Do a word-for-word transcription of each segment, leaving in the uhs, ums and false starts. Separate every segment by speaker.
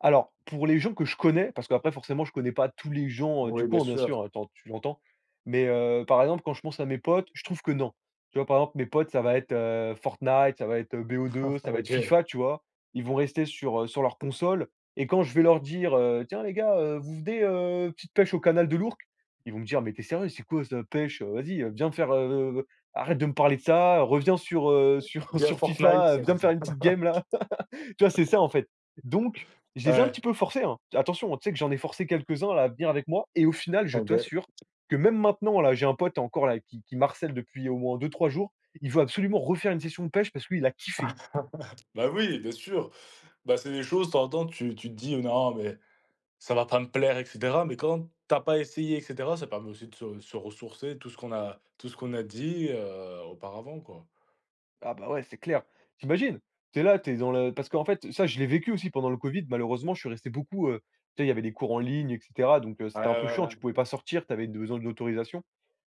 Speaker 1: Alors, pour les gens que je connais, parce qu'après forcément je connais pas tous les gens, heu, du
Speaker 2: Oui, bien
Speaker 1: coin, bien
Speaker 2: sûr.
Speaker 1: sûr, heu, tu en tu l'entends? Mais heu, par exemple, quand je pense à mes potes, je trouve que non. Tu vois, par exemple, mes potes ça va être, heu, Fortnite, ça va être, heu, BO2, ça va être
Speaker 2: OK.
Speaker 1: FIFA, tu vois? Ils vont rester sur, heu, sur leur console et quand je vais leur dire: «Heu, tiens les gars, heu, vous venez, heu, petite pêche au canal de l'Ourcq?» Ils vont me dire: «Mais tu es sérieux, c'est quoi ça pêche, heu? Vas-y, heu, viens me faire, heu, arrête de me parler de ça, reviens sur, heu, sur
Speaker 2: Ou bien
Speaker 1: sur
Speaker 2: Fortnite
Speaker 1: FIFA,
Speaker 2: c'est
Speaker 1: viens me faire une petite game, là». Tu vois, c'est ça en fait. Donc je les ai un petit
Speaker 2: Ouais.
Speaker 1: peu forcés, hein. Attention, hein, tu sais que j'en ai forcé quelques-uns là, à venir avec moi et au final je
Speaker 2: Ah, beh
Speaker 1: t'assure que même maintenant, là j'ai un pote encore, là, qui qui m'harcèle depuis au moins deux-trois jours, il veut absolument refaire une session de pêche parce qu'il a kiffé.
Speaker 2: Bah, oui, bien sûr. Bah, c'est des choses, de temps en temps, tu tu te dis: «Non, mais ça va pas me plaire», et cetera. Mais quand tu as pas essayé, et cetera, ça permet aussi de se se ressourcer tout ce qu'on a tout ce qu'on a dit, heu, auparavant, quoi.
Speaker 1: Ah bah, ouais, c'est clair. Tu imagines, tu es là, tu es dans le parce qu'en fait ça, je l'ai vécu aussi pendant le Covid, malheureusement je suis resté beaucoup, heu, tu sais, il y avait des cours en ligne et cetera, donc heu,
Speaker 2: Ouais,
Speaker 1: c'était un peu
Speaker 2: ouais,
Speaker 1: chiant, tu pouvais
Speaker 2: ouais.
Speaker 1: pas sortir, tu avais besoin d'autorisation.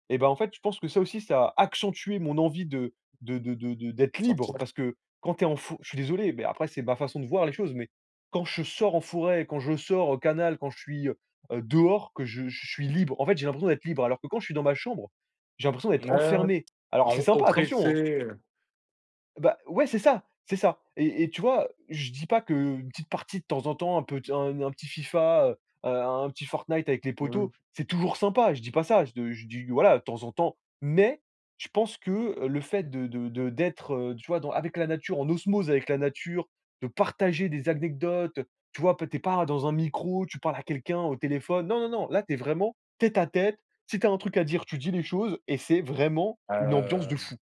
Speaker 1: Et ben, en fait, je pense que ça aussi, ça a accentué mon envie de de de de de d'être libre
Speaker 2: Sortir.
Speaker 1: parce que quand tu es en fo je suis désolé, mais après c'est ma façon de voir les choses, mais quand je sors en forêt, quand je sors au canal, quand je suis, heu, dehors, que je j je suis libre, en fait, j'ai l'impression d'être libre, alors que quand je suis dans ma chambre, j'ai l'impression d'être
Speaker 2: N ouais.
Speaker 1: enfermé. Alors
Speaker 2: On
Speaker 1: c'est
Speaker 2: est
Speaker 1: sympa, attention,
Speaker 2: oppressé,
Speaker 1: hein.
Speaker 2: heu.
Speaker 1: Bah ouais, c'est ça, c'est ça. Et et tu vois, je dis pas qu'une petite partie de temps en temps, un pet un un petit FIFA, heu, heu, un un petit Fortnite avec les
Speaker 2: Mmh.
Speaker 1: potos, c'est toujours sympa. Je dis pas ça, je d je dis, voilà, de temps en temps. Mais je pense que le fait de de de d'être, heu, tu vois, dans avec la nature, en osmose avec la nature, de partager des acnecdotes, tu vois, p tu es pas dans un micro, tu parles à quelqu'un au téléphone, non, non, non, là tu es vraiment tête à tête, si tu as un truc à dire, tu dis les choses et c'est vraiment une ambiance de
Speaker 2: Hem.
Speaker 1: fou.